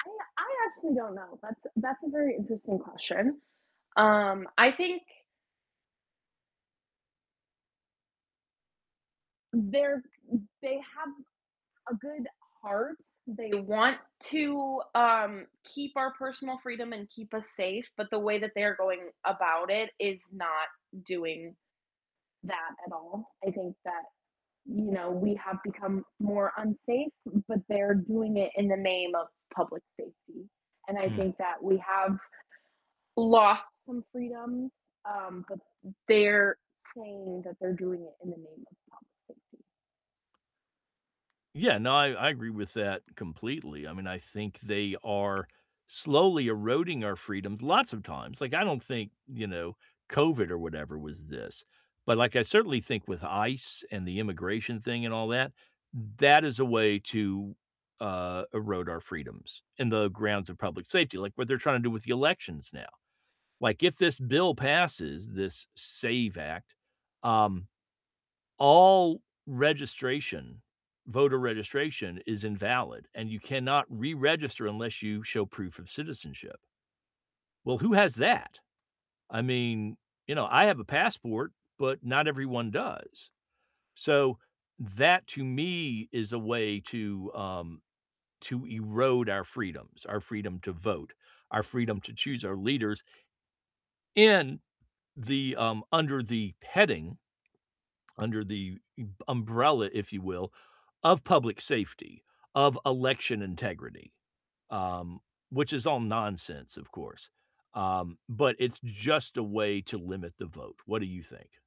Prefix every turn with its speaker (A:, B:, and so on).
A: I I actually don't know. That's that's a very interesting question. Um, I think they're they have a good heart. They want to, um, keep our personal freedom and keep us safe, but the way that they're going about it is not doing that at all. I think that, you know, we have become more unsafe, but they're doing it in the name of public safety. And I
B: Mm.
A: think that we have lost some freedoms, um, but they're saying that they're doing it in the name of public safety.
B: Yeah. No. I I agree with that completely. I mean, I think they are slowly eroding our freedoms, lots of times. Like, I don't think, you know, COVID or whatever was this. But, like, I certainly think with ICE and the immigration thing and all that, that is a way to, uh, erode our freedoms in the grounds of public safety, like what they're trying to do with the elections now. Like, if this bill passes, this SAVE Act, um, all registration, voter registration is invalid, and you cannot reregister unless you show proof of citizenship Well, who has that? I mean, you know, I have a passport, but not everyone does. So, that to me is a way to, um to erode our freedoms, our freedom to vote, our freedom to choose our leaders in the um, under the heading under the m umbrella, if you will, of public safety, of election integrity, um, which is all nonsense, of course. Um, but it's just a way to limit the vote. What do you think?